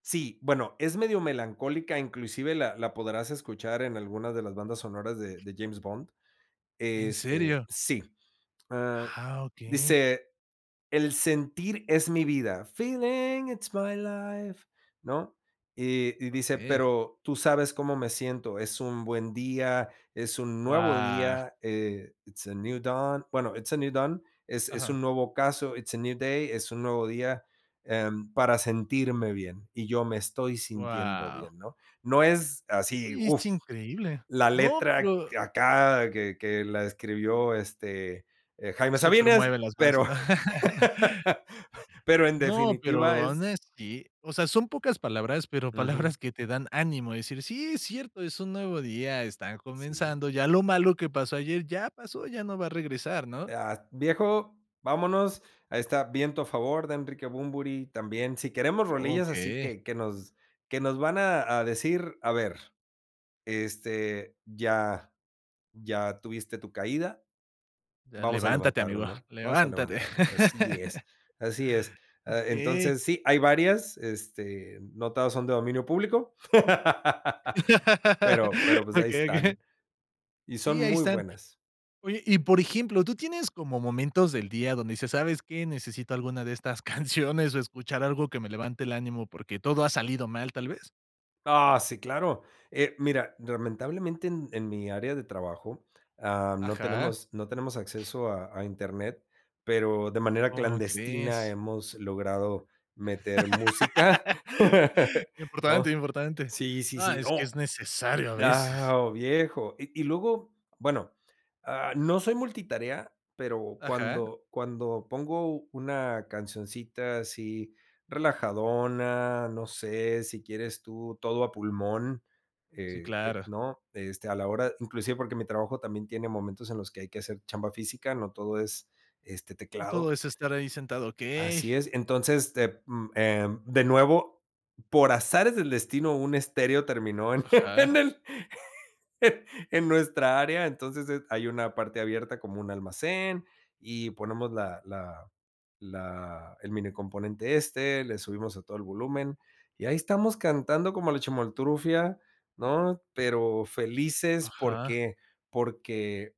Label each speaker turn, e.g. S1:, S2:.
S1: Sí, bueno, es medio melancólica, inclusive la la podrás escuchar en algunas de las bandas sonoras de de James Bond.
S2: ¿En
S1: Este,
S2: serio?
S1: sí. Ah,
S2: Ah, okey.
S1: dice: "El sentir es mi vida", feeling it's my life, ¿no?, y y dice:
S2: Okey.
S1: "Pero tú sabes cómo me siento, es un buen día, es un nuevo
S2: Guau.
S1: día", eh, it's a new dawn, bueno, it's a new dawn, es es un
S2: Ajá.
S1: nuevo ocaso, it's a new day, es un nuevo día, em, para sentirme bien, y yo me estoy sintiendo
S2: Guau.
S1: bien, ¿no?, no es así,
S2: Oye, es
S1: uf,
S2: increíble.
S1: la
S2: No,
S1: letra
S2: pero
S1: acá que que la escribió, este, eh,
S2: Que
S1: Jaime
S2: súper
S1: Sabines,
S2: mueve las bases,
S1: pero
S2: ¿no?
S1: pero en
S2: No,
S1: definitiva
S2: pero,
S1: es
S2: honestly, o sea, son pocas palabras, pero
S1: Ujú.
S2: palabras que te dan ánimo de decir, sí, es cierto, es un nuevo día, están
S1: Sí.
S2: comenzando, ya lo malo que pasó ayer ya pasó, ya no va a regresar, ¿no?
S1: Ah, viejo, vámonos, ahí está, viento a favor, de Enrique Bunbury, también si queremos rolillas así
S2: Okey.
S1: que que nos que nos van a a decir, a ver, este, ya ya tuviste tu caída,
S2: Ya
S1: vamos a
S2: levántate,
S1: levantarlo,
S2: amigo,
S1: ¿no?, vamos a
S2: ¡levántate!
S1: levantarnos. Así es así es, ah,
S2: Okey.
S1: entonces, sí, hay varias, este, no todas son de dominio público, pero pero pues ahí
S2: Okey okey.
S1: están, y son
S2: Sí, ahí
S1: muy
S2: están.
S1: buenas.
S2: Oye, y, por ejemplo, ¿tú tienes como momentos del día donde dices: "Sabes qué, necesito alguna de estas canciones? O escuchar algo que me levante el ánimo porque, todo ha salido mal", tal vez.
S1: Ah, sí, claro, eh, mira, lamentablemente en en mi área de trabajo, ah, no
S2: Ajá.
S1: tenemos no tenemos acceso a a Internet, pero de manera
S2: ¿Cómo
S1: clandestina
S2: crees?
S1: hemos logrado meter música,
S2: Importante
S1: ¿no?,
S2: importante.
S1: sí sí
S2: No,
S1: sí,
S2: es que
S1: no,
S2: es necesario, a veces.
S1: ah, ¡oh viejo! Y y luego, bueno, ah, no soy multitarea, pero
S2: Ajá.
S1: cuando cuando pongo una cancioncita así, relajadona, no sé, si quieres tú, todo a pulmón,
S2: Sí,
S1: eh, eh,
S2: claro.
S1: ¿no?, este, a la hora inclusive porque mi trabajo también tiene momentos en los que hay que hacer chamba física, no todo es, este,
S2: No,
S1: teclado.
S2: todo es estar ahí sentado, okey.
S1: Así es, entonces, te mm, em, de nuevo, por azares del destino, un estéreo terminó en
S2: Ajá.
S1: en el en nuestra área. Entonces, es hay una parte abierta como un almacén, y ponemos la la la el minicomponente este, le subimos a todo el volumen, y ahí estamos cantando como la Chimoltrufia, ¿no?, pero felices
S2: Ajá.
S1: porque porque